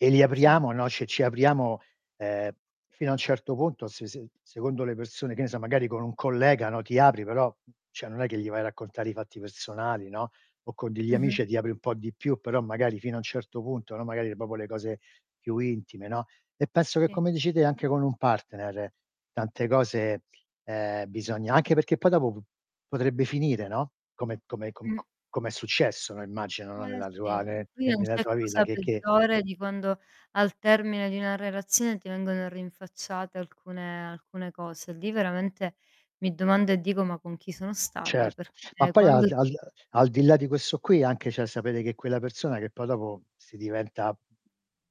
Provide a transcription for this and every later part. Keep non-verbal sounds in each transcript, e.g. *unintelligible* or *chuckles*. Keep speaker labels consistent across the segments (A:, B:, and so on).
A: E li
B: Sì.
A: apriamo, no cioè ci apriamo, uhm, fino a un certo punto se se secondo le persone che ne so magari con un collega, no, ti apri però cioè non è che gli vai a raccontare i fatti personali, no, o con degli
B: Mh-mh.
A: amici e ti apri un po' di più però magari fino a un certo punto, no, magari proprio le cose più intime, no, e penso che
B: Sì.
A: come dici te anche con un partner tante cose, ehm, bisogna anche perché poi dopo p potrebbe finire, no, come come co co
B: Mh.
A: come è successo, no, immagino, no,
B: Eh,
A: nella tua
B: sì
A: ne
B: qui
A: ne
B: non
A: nella
B: c'è
A: tua villa
B: cosa
A: che che
B: peggiore di quando al termine di una relazione ti vengono rinfacciate alcune alcune cose. Lì veramente mi domando e dico: "Ma con chi sono stata?"
A: Cert ma
B: Perché
A: poi al
B: quando
A: d al
B: tu
A: d al di là di questo qui anche cioè sapere che quella persona che poi dopo si diventa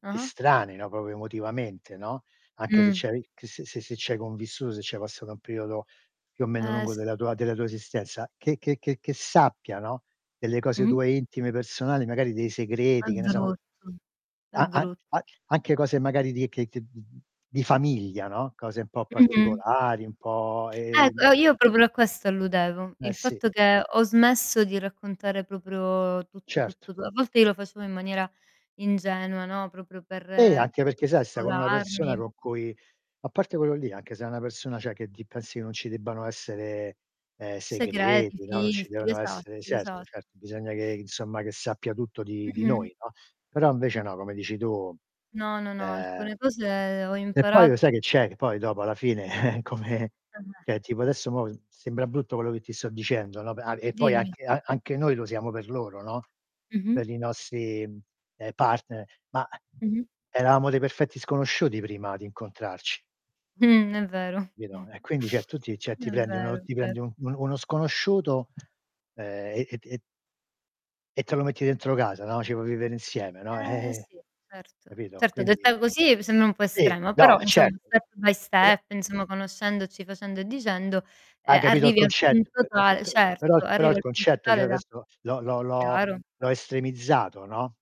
B: Ah-ah.
A: estranei, no, proprio emotivamente, no, anche se
B: Mh.
A: c'hai che se se se c'hai convissuto, se c'hai passato un periodo più o meno
B: Eh,
A: lungo della
B: sì.
A: tua della tua esistenza, che che che sappia, no, delle cose
B: Mh-mh.
A: tue intime personali, magari dei
B: È
A: segreti, che ne so
B: brutto è
A: a a
B: bru
A: an anche cose magari di che che mhmm, di famiglia no, cose un po'
B: Mh-mh.
A: particolari, un po',
B: Eh,
A: ehm
B: uhm, io proprio a questo alludevo.
A: Eh,
B: Il
A: sì.
B: fatto che ho smesso di raccontare proprio tutto
A: Cert
B: tutto tu a volte io lo facevo in maniera ingenua, no, proprio per
A: Eh,
B: per
A: anche perché sai sta con una persona
B: sfogarmi.
A: con cui a parte quello lì anche se è una persona cioè che di pensi che non ci debbano essere, ehm,
B: Segreti,
A: segreti, no, non ci
B: filtri,
A: devono
B: esatto
A: essere
B: esa
A: certo, certo bisogna che insomma che sappia tutto di di
B: Mh-mh.
A: noi, no, però invece no, come dici tu,
B: No, no, no,
A: ehm
B: alcune cose ho
A: Che poi lo
B: imparato
A: sai che,
B: che
A: c'è, che poi dopo alla fine *chuckles* come
B: Per me
A: cioè tipo adesso mo' sembra brutto quello che ti sto dicendo, no, a e poi
B: Dimmi.
A: anche an anche noi lo siamo per loro, no,
B: Mh-mh.
A: per i nostri, ehm, partner, ma
B: Mh-mh.
A: eravamo dei perfetti sconosciuti prima di incontrarci.
B: Mh, è vero,
A: Capito, e quindi cioè
B: *chuckles*
A: tu ti cioè ti
B: è
A: prendi
B: vero,
A: uno ti
B: è ve
A: prendi un uno sconosciuto, ehm, e e t e e te lo metti
B: *unintelligible*
A: dentro casa, no, ci vuoi vivere insieme, no, eh,
B: Eh
A: eh,
B: sì, certo,
A: capito,
B: certo
A: quindi
B: detta così mi sembra un po'
A: Sì.
B: estrema,
A: No.
B: però
A: E
B: insomma
A: certo.
B: step by
A: Però
B: step, insomma conoscendoci, facendo e dicendo,
A: Hai
B: ehm,
A: capito il
B: arrivi al
A: concett p
B: punto
A: p
B: tale
A: p però
B: Certo,
A: però
B: arrivi
A: il
B: al punto
A: concetto cioè io
B: tale da
A: adesso l'ho l'ho l'ho
B: Chiaro.
A: l'ho estremizzato, no?